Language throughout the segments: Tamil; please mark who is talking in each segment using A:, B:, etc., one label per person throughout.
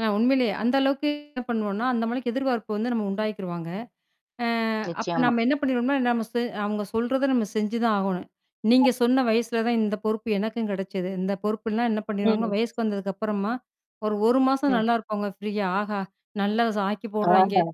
A: அ உண்மையிலே அந்த அளவுக்கு என்ன பண்ணுவோன்னா, அந்த அளவுக்கு எதிர்பார்ப்பு வந்து நம்ம உண்டாக்கிருவாங்க. ஆ அப்ப
B: நிச்சயமா.
A: நம்ம என்ன பண்ணிருவம்ன்னா, நம்ம சு அவுங்க சொல்றத நம்ம செஞ்சுதான் ஆகணும். நீங்கச் சொன்ன வயசுல தான் இந்த பொறுப்பு எனக்கும் கிடைச்சது. இந்த பொறுப்புல்லாம் என்ன பண்ணிருவாங்க,
B: ம்.
A: வயசுக்கு வந்ததுக்கு அப்பறமா ஒரு, 1 மாசம்
B: ம்.
A: நல்லா இருப்பாங்க ப்ரீயா ஆஹா! நல்லா ஆக்கிப் போடுறாங்கே!
B: ஆஹா!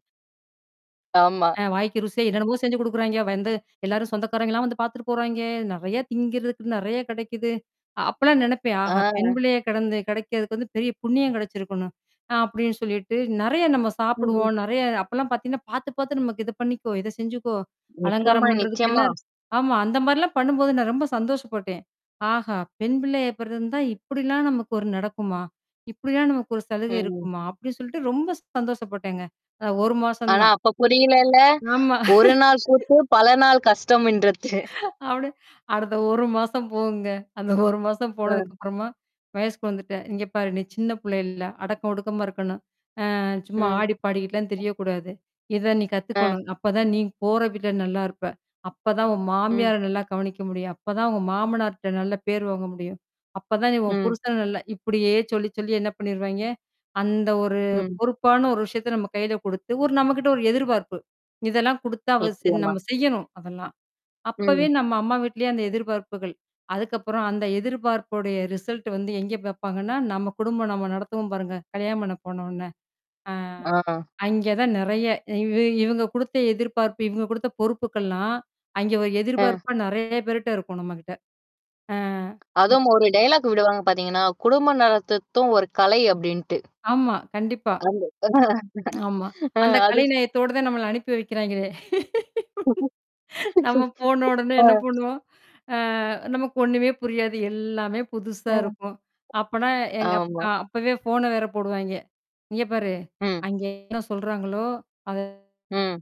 B: ஆமா.
A: ஆ வாய்க்கு ருசியா என்னென்னமோ! செஞ்சு கொடுக்குறாங்கே. வந்து எல்லாரும் சொந்தக்காரங்க எல்லாம் வந்து பாத்துட்டு போறாங்கே. நிறைய திங்கறதுக்கு நிறைய கிடைக்குது. அ அப்பெல்லாம் நினைப்பேன்.
B: ஆ.
A: ஆஹா! பெண்பிள்ளையா கிடந்து கிடைக்குறதுக்கு வந்து பெரிய புண்ணியம் கிடைச்சிருக்கணும். நான் அப்பிடின்னு சொல்லிட்டு நிறைய நம்ம
B: ம்.
A: சாப்பிடுவோம், நிறைய அப்பல்லாம் பாத்தீங்கன்னா பாத்து, பாத்து நமக்கு இது பண்ணிக்கோ! இதைச் செஞ்சுக்கோ! அலங்காரம்
B: நிச்சயமா,
A: பண்றதுக்குன்னு என்ன?
B: நிச்சயமா.
A: ஆமா, அந்தமாரிலாம் பண்ணும்போது நான் ரொம்ப சந்தோஷப்பட்டேன். ஆஹா! பெண்பிள்ளையா பிறந்திருந்தா இப்பிடிலாம் நமக்கு ஒரு நடக்குமா? இப்பிடில்லாம் நமக்கு ஒரு சலுகை
B: ம்.
A: இருக்குமா! அப்பிடின்னு சொல்லிட்டு ரொம்ப சந்தோஷப்பட்டேங்க. அ 1 மாசம்
B: ஆனா
A: தான்.
B: அப்பப் புரியல இல்ல!
A: ஆமா.
B: ஒரு நாள் கூத்து பல நாள் கஷ்டம்ன்றத்து.
A: அப்பிடி அடுத்த 1 மாசம் போகுங்க. அந்த 1 மாசம்
B: ஆ.
A: போனதுக்கு அப்புறமா வயசுக்கு வந்துட்டேன். இங்க பாரு! நீ சின்னப் புள்ள இல்ல. அடக்கம் ஒடுக்கமா இருக்கணும். ஆ சும்மா
B: ம்.
A: ஆடிப்பாடிக்கிட்டுல திரிய கூடாது. இத நீ
B: ஆ.
A: கத்துக்கணும். அப்பத் தான் நீ போற வீட்ல நல்லா இருப்ப! அப்பத் தான் உன்
B: ம்.
A: மாமியார் நல்லா கவனிக்க முடியும். அப்பத் தான் உங்க மாமனார்ட்ட நல்ல பேர் வாங்க முடியும். அப்பத் தான் நீ உன்
B: ம்.
A: புருஷன் நல்லா இப்பிடியே சொல்லிச் சொல்லி என்ன பண்ணிடுவாங்கே, அந்த ஒரு
B: ம்.
A: பொறுப்பான ஒரு விஷயத்த நம்ம கையில கொடுத்து ஒரு நம்மகிட்ட ஒரு எதிர்பார்ப்பு. இதெல்லாம் குடுத்தா அவ ச
B: நிச்சயமா.
A: நம்ம செய்யணும் அதெல்லாம். அப்பவே
B: ம்.
A: நம்ம அம்மா வீட்டிலேயே அந்த எதிர்பார்ப்புகள். அதுக்கப்புறம் அந்த எதிர்பார்ப்புடைய ரிசல்ட் வந்து எங்க பாப்பாங்கன்னா, நம்ம குடும்பம் நாம நடத்துவோம் பாருங்க. கல்யாணம் பண்ணி போன உடன அ
B: ஆ.
A: அங்கே தான் நிறைய. இ இவுங்க குடுத்த எதிர்பார்ப்பு. இவுங்க குடுத்த பொறுப்புகள்லாம் அங்கே ஒரு
B: அ.
A: எதிர்பார்ப்பா நிறைய பேர்ட்ட இருக்கும் நம்மக்கிட்ட. ஆ, ம்
B: அதுவும் ஒரு டயலாக் விடுவாங்க பார்த்தீங்கன்னா, குடும்பம் நடத்துறதும் ஒரு கலை அப்பிடின்ட்டு.
A: ஆமா. கண்டிப்பா
B: [unintelligible]
A: ஆமா.
B: அ,
A: அந்தக் கலை
B: அதுக்
A: நயத்தோட தான் நம்மள அனுப்பி வைக்கிறாங்களே! நாம போன உடனே
B: ஆ.
A: என்ன பண்ணுவோம்? அ நமக்கு ஒன்னுமே புரியாது. எல்லாமே
B: அ.
A: புதுசா இருக்கும். அப்பன்னா எங் அப்
B: ஆமா.
A: அ அப்பவே ஃபோன வேற போடுவாங்கே. இங்க பாரு!
B: ம்.
A: அங்கே என்ன சொல்றாங்களோ! அத
B: ம்.